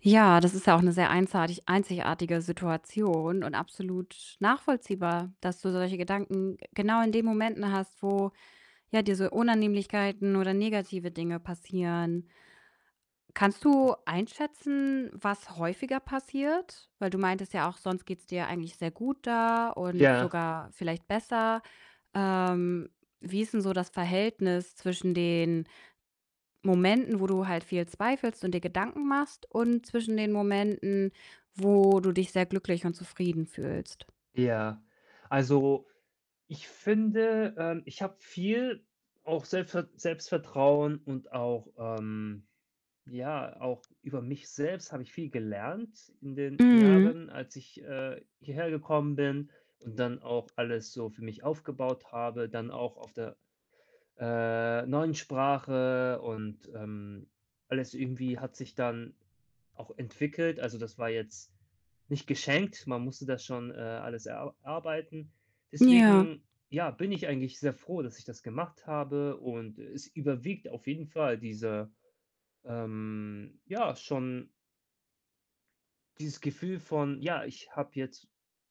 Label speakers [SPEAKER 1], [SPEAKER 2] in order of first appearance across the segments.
[SPEAKER 1] Ja, das ist ja auch 'ne sehr einsartig einzigartige Situation und absolut nachvollziehbar, dass du solche Gedanken, äh, genau in den Momenten hast, wo, ja, diese Unannehmlichkeiten oder negative Dinge passieren. Kannst du einschätzen, was häufiger passiert? Weil du meintest ja auch, sonst geht's dir eigentlich sehr gut da und
[SPEAKER 2] Ja.
[SPEAKER 1] sogar vielleicht besser. Ähm, wie ist 'n so das Verhältnis zwischen den Momenten, wo du halt viel zweifelst und dir Gedanken machst, und zwischen den Momenten, wo du dich sehr glücklich und zufrieden fühlst?
[SPEAKER 2] Ja, also, ich finde, ähm, ich habe viel auch selfer Selbstvertrauen und auch ähm, ja, auch über mich selbst habe ich viel gelernt in den
[SPEAKER 1] Mhm.
[SPEAKER 2] Jahren, als ich, äh, hierher gekommen bin und dann auch alles so für mich aufgebaut habe, dann auch auf der, äh, neuen Sprache und, ähm, alles irgendwie hat sich dann auch entwickelt. Also, das war jetzt nicht geschenkt. Man musste das schon, äh, alles erar arbeiten.
[SPEAKER 1] Ja.
[SPEAKER 2] Deswegen, ja, bin ich eigentlich sehr froh, dass ich das gemacht habe. Und es überwiegt auf jeden Fall diese, ähm, ja, schon dieses Gefühl von: Ja, ich habe jetzt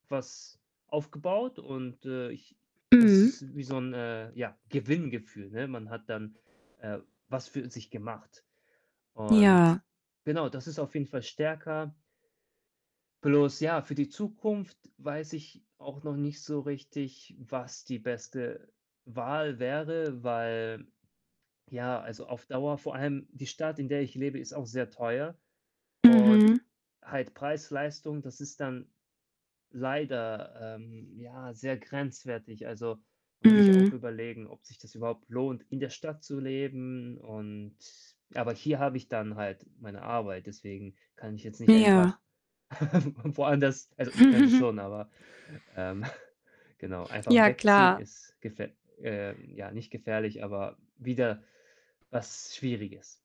[SPEAKER 2] was aufgebaut und, äh, ich das
[SPEAKER 1] Mhm.
[SPEAKER 2] ist wie so 'n, äh, ja, Gewinngefühl, ne? Man hat dann, äh, was für sich gemacht. Und
[SPEAKER 1] Ja.
[SPEAKER 2] genau, das ist auf jeden Fall stärker. Bloß ja, für die Zukunft weiß ich auch noch nicht so richtig, was die beste Wahl wäre, weil, ja, also auf Dauer vor allem die Stadt, in der ich lebe, ist auch sehr teuer. Und
[SPEAKER 1] Mhm.
[SPEAKER 2] halt Preis-Leistung, das ist dann leider, ähm, ja, sehr grenzwertig. Also, muss ich auch
[SPEAKER 1] Mhm.
[SPEAKER 2] überlegen, ob sich das überhaupt lohnt, in der Stadt zu leben und aber hier habe ich dann halt meine Arbeit, deswegen kann ich jetzt nicht einfach
[SPEAKER 1] Ja.
[SPEAKER 2] woanders also, ich könnte schon, aber, ähm, genau, einfach
[SPEAKER 1] Ja,
[SPEAKER 2] wegziehen
[SPEAKER 1] klar.
[SPEAKER 2] ist gef äh, ja, nicht gefährlich, aber wieder was Schwieriges.